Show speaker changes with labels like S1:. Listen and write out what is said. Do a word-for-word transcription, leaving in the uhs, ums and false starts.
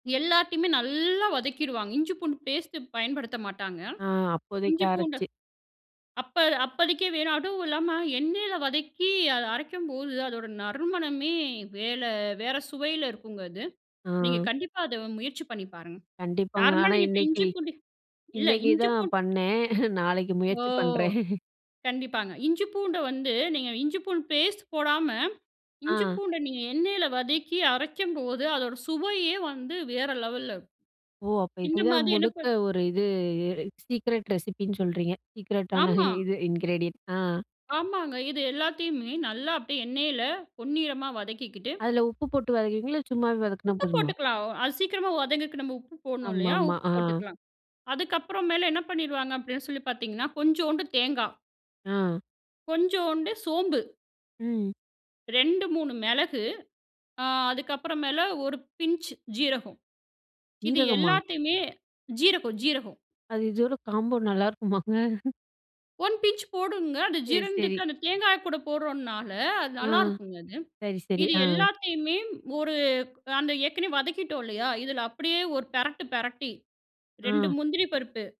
S1: எல்லாத்தையுமே நல்லா வதக்கிடுவாங்க. இஞ்சி, பூண்டு பேஸ்ட்டு பயன்படுத்த மாட்டாங்க.
S2: ஆ, அப்போதைக்கு
S1: இஞ்சி, பூண்ட
S2: அரச்சு,
S1: அப்ப அப்பதிக்கி வேணா, அதுவும் இல்லாம எண்ணெயில வதக்கி அதை அரைக்கும்போது, அதோட நறுமணமே வேல வேற சுவையில இருக்குங்க அது. நீங்க
S2: ஆ.
S1: கண்டிப்பா அத முயற்சி பண்ணி பாருங்க.
S2: கண்டிப்பாங்க.
S1: நார்மலா
S2: ஆனா,
S1: நீங்க இப்ப
S2: இன்னைக்கு
S1: இஞ்சி, பூண்டு இல்ல
S2: இன்னைக்கு
S1: இஞ்சி,
S2: தான்
S1: பூண்டு
S2: பண்ணேன். நாளைக்கு
S1: ஓ!
S2: முயற்சி பண்றேன்.
S1: கண்டிப்பாங்க. இஞ்சி, பூண்ட வந்து நீங்க இஞ்சி பூண்டு பேஸ்ட் போடாம, இஞ்சி
S2: ஆ.
S1: பூண்ட நீங்க எண்ணெயில வதக்கி அரைக்கும்போது அதோட சுவையே வந்து வேற லெவல்ல,
S2: ஓ! அப்ப
S1: இந்த
S2: இதுதான்
S1: மாரி என்ன
S2: முழுக்க
S1: பண்.
S2: ஒரு இது சீக்ரெட் ரெசிபின்னு சொல்றீங்க. சீக்ரெட்டான
S1: ஆமா.
S2: இது இன்கிரீடியன்ட். ஆ.
S1: ஆமாங்க. இது எல்லாத்தையுமே நல்லா அப்படியே எண்ணெயில பொன்னிறமா வதக்கிக்கிட்டு,
S2: அதில உப்பு போட்டு வதக்குவீங்களா? இல்ல, சும்மாவே வதக்கினா
S1: உப்பு
S2: போதுமா?
S1: போட்டுக்கலாம். அது சீக்கிரமா வதங்கக்கு நம்ம உப்பு போடணும் இல்லையா?
S2: ஆமாமா.
S1: உப்பு
S2: ஆ.
S1: போட்டுக்கலாம். அதுக்கப்புறம் மேல என்ன பண்ணிடுவாங்க, அப்படின்னு சொல்லி பார்த்தீங்கன்னா, கொஞ்சோண்டு தேங்காய்.
S2: ஆ.
S1: கொஞ்சோண்டு சோம்பு.
S2: ம்.
S1: ரெண்டு, மூணு மெளகு. ஆ அதுக்கப்புற மேல ஒரு பிஞ்ச் ஜீரகம். இது
S2: சீரகமா?
S1: எல்லாத்தையுமே ஜீரகம், ஜீரகம்.
S2: அது, இதோட காம்போ நல்லாயிருக்குமாங்க?
S1: ஒன் பிஞ்ச் போடணுங்க. அது
S2: சரி, சரி.
S1: ஜீரணத்துக்கு அந்த தேங்காய் கூட போட்றோனால அது
S2: ஆ.
S1: நல்லாயிருக்குங்க அது.
S2: சரி, சரி.
S1: இது
S2: ஆ.
S1: எல்லாத்தையுமே ஒரு அந்த ஏற்கனவே வதக்கிட்டோம் இல்லையா? இதில அப்படியே ஒரு பெரட்டு, பெரட்டி ரெண்டு
S2: ஆ.
S1: முந்திரி பருப்பு